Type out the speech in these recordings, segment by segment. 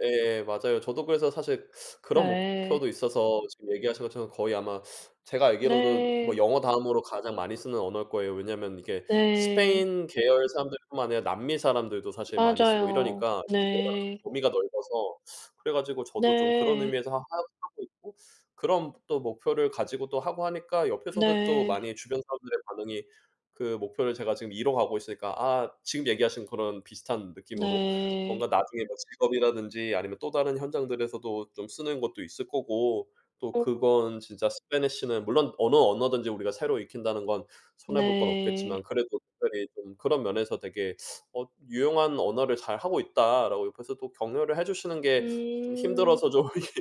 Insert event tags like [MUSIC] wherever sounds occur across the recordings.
예. 맞아요. 저도 그래서 사실 그런 네. 목표도 있어서 지금 얘기하신 것처럼 거의 아마 제가 알기로도 뭐 네. 영어 다음으로 가장 많이 쓰는 언어일 거예요. 왜냐하면 이게 네. 스페인 계열 사람들 뿐만 아니라 남미 사람들도 사실 많이 쓰고 맞아요. 이러니까 이게 워낙 네. 범위가 넓어서 그래 가지고 저도 좀 그런 네. 의미에서 하 하 하고 있고 그런 또 목표를 가지고 또 하고 하니까 옆에서도 또 네. 많이 주변 사람들의 반응이 그 목표를 제가 지금 이뤄가고 있으니까 아. 지금 얘기하신 그런 비슷한 느낌으로 뭔가 네. 나중에 뭐 직업이라든지 아니면 또 다른 현장들에서도 좀 쓰는 것도 있을 거고 또 오. 그건 진짜 spanish는 물론 어느 언어든지 우리가 새로 익힌다는 건 손해 볼 건 없겠지만 네. 그래도 특별히 좀 그런 면에서 되게 "어 유용한 언어를 잘하고 있다."라고 옆에서 또 격려를 해 주시는 게 좀 음. 힘들어서 좀 이렇게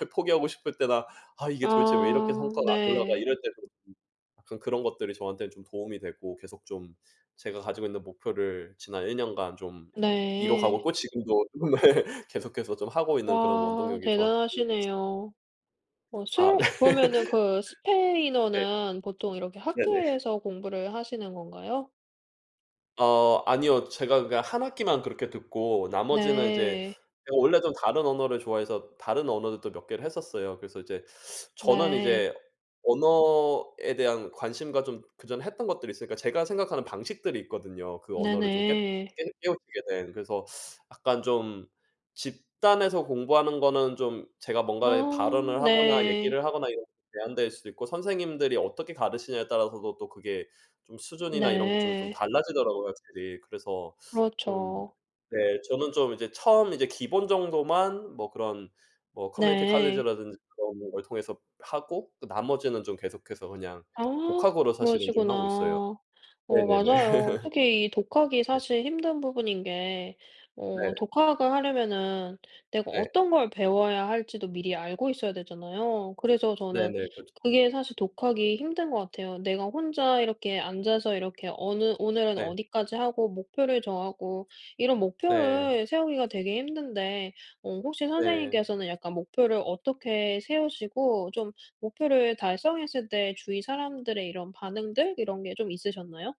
아휴 포기하고 싶을 때나 '아 이게 도대체 왜 이렇게 아. 성과가 안 올라가.' 네. 이럴 때도 음 약간 그런 것들이 저한텐 좀 도움이 되고 계속 좀 제가 가지고 있는 목표를 지난 1 년간 좀 이뤄가고 네. 있고 지금도 네. 계속해서 좀 하고 있는 그런 와. 원동력이 저한테도 대단하시네요. 어. 아. 스웨 네. 그러면은 그 네. 스페인어는 보통 이렇게 네네. 학교에서 공부를 하시는 건가요? 어. 아니요. 제가 그니까 1 학기만 그렇게 듣고 나머지는 이제 네. 제가 원래 좀 다른 언어를 좋아해서 다른 언어들도 몇 개를 했었어요. 그래서 이제 저는 네. 이제 언어에 대한 관심과 좀 그 전에 했던 것들이 있으니까 제가 생각하는 방식들이 있거든요. 그 언어를 좀 깻 네네. 깨 깨우치게 된. 그래서 약간 좀 집단에서 공부하는 거는 좀 제가 아. 뭔가에 발언을 하거나 네. 얘기를 하거나 이런 제한될 수도 있고 선생님들이 어떻게 가르치느냐에 따라서도 또 그게 좀 수준이나 이런 게 좀, 좀 네. 달라지더라고요 확실히. 그래서 좀 그렇죠. 네. 저는 좀 이제 처음 이제 기본 정도만 뭐 그런 뭐 community 네. college라든지 그런 걸 통해서 하고 또 나머지는 좀 계속해서 그냥 아. 독학으로 사실은 좀 그러시구나. 하고 있어요. 어 네네네. 맞아요. [LAUGHS] 특히 이 독학이 네. 사실 힘든 부분인 게 네. 어 독학을 하려면은 내가 네. 어떤 걸 배워야 할 지도 미리 알고 있어야 되잖아요. 그래서 저는 네네. 그렇죠. 그게 사실 독학이 힘든 것 같아요. 내가 혼자 이렇게 앉아서 이렇게 어느 오늘은 네. 어디까지 하고 목표를 정하고 이런 네. 목표를 세우기가 되게 힘든데 어 혹시 네. 선생님께서는 약간 목표를 어떻게 세우시고 좀 목표를 달성했을 때 주위 사람들의 이런 반응들 이런 게 좀 있으셨나요?